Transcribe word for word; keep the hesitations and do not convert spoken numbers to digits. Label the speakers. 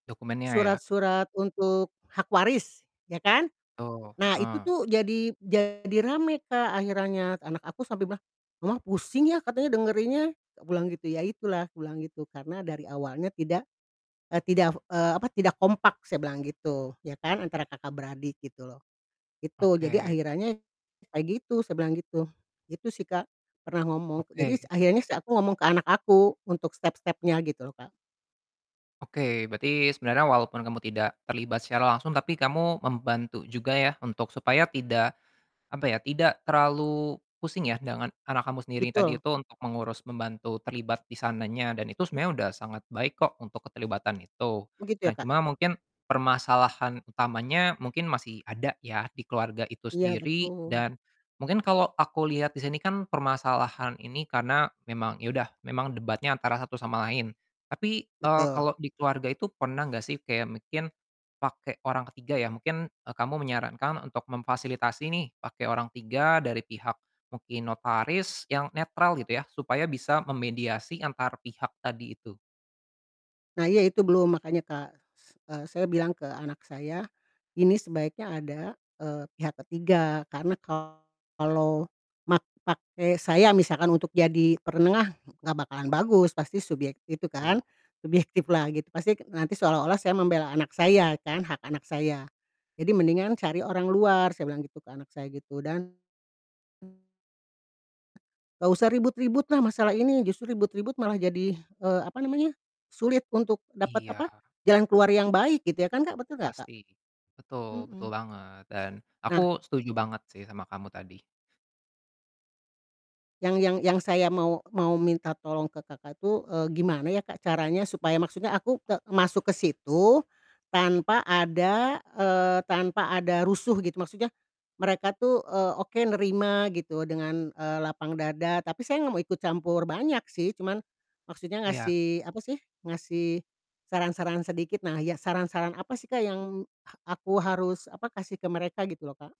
Speaker 1: Dokumennya ya?
Speaker 2: Surat-surat untuk hak waris, ya kan?
Speaker 1: Oh,
Speaker 2: Nah, itu
Speaker 1: heeh.
Speaker 2: tuh jadi jadi rame, Kak, akhirannya, anak aku sampai bilang, "Mama, pusing ya," katanya dengerinnya, tak pulang gitu, "Ya, itulah," kubilang gitu, "Karena dari awalnya tidak, eee, tidak fo eee, apa, tidak kompak," saya bilang gitu, ya kan, antara kakak beradik, gitu loh, itu. "Jadi
Speaker 1: Oke.
Speaker 2: akhirannya kayak gitu," saya bilang gitu. Gitu sih, Kak. Pernah ngomong jadis
Speaker 1: Oke.
Speaker 2: akhirnya sih aku ngomong ke anak aku untuk step-stepnya, gitu loh, Kak.
Speaker 1: Oke, berarti sebenernya walaupun kamu tidak terlibat secara langsung tapi kamu membantu juga ya, untuk supaya tidak, apa ya, tidak terlalu pusing ya, dengan anak kamu sendiri tadi
Speaker 2: Betul.
Speaker 1: itu untuk mengurus, membantu, terlibat di sananya dan itu sebenernya udah sangat baik kok untuk keterlibatan itu.
Speaker 2: Begitu
Speaker 1: Nah,
Speaker 2: ya, Kak?
Speaker 1: cuma mungkin permasalahan utamanya mungkin masih ada ya, di keluarga itu
Speaker 2: Iya,
Speaker 1: sendiri
Speaker 2: betul.
Speaker 1: dan mungkin kalo aku liat di sini kan permasalahan ini karena memang ya udah memang debatnya antara satu sama lain. Tapi, eee,
Speaker 2: Betul.
Speaker 1: kalau di keluarga itu pernah nggak sih kayak mungkin pake orang ketiga ya, mungkin, eee, kamu menyarankan untuk memfasilitasi nih pake orang tiga dari pihak mungkin notaris yang netral, gitu ya, supaya bisa memediasi antar pihak tadi itu?
Speaker 2: Nah iya, itu belum makanya, Kak, s eee, saya bilang ke anak saya, ini sebaiknya ada, eee, pihak ketiga karena kalau mak pakai saya misalkan untuk jadi perenengah, nggak bakalan bagus pasti subyek itu kan,
Speaker 1: Tu
Speaker 2: subjektif lah, gitu, pastik nanti seolah-olah saya membela anak saya kan, hak anak saya. "Jadi mendingan cari orang luar," saya bilang gitu ke anak saya gitu dan nggak usah ribut-ribut lah masalah ini justru ribut-ribut malah jadi, eee, apa namanya, sulit untuk dapat, apa,
Speaker 1: Iya.
Speaker 2: jalan keluar yang baik gitu ya kan, Kak, betul nggak, Kak?
Speaker 1: Pasti, betul betul
Speaker 2: Mhm.
Speaker 1: banget dan
Speaker 2: Nah
Speaker 1: aku setuju banget sih sama kamu tadi.
Speaker 2: Yang yang yang saya mau mau minta tolong ke, Kakak, tuh, eee, gimana ya, Kak, caranya supaya maksudnya aku te masuk ke situ tanpa ada, eee, tanpa ada rusuh, gitu, maksudnya mereka tuh eee, oke nerima gitu dengan, eee, lapang dada, tapi saya nggak mau ikut campur banyak sih, cuman maksudnya
Speaker 1: Iya.
Speaker 2: ngasih, apa sih, ngasih saran-saran sedikit, nah ya, saran-saran apa sih, Kak, yang ha aku harus, apa, kasih ke mereka gitu loh, Kak?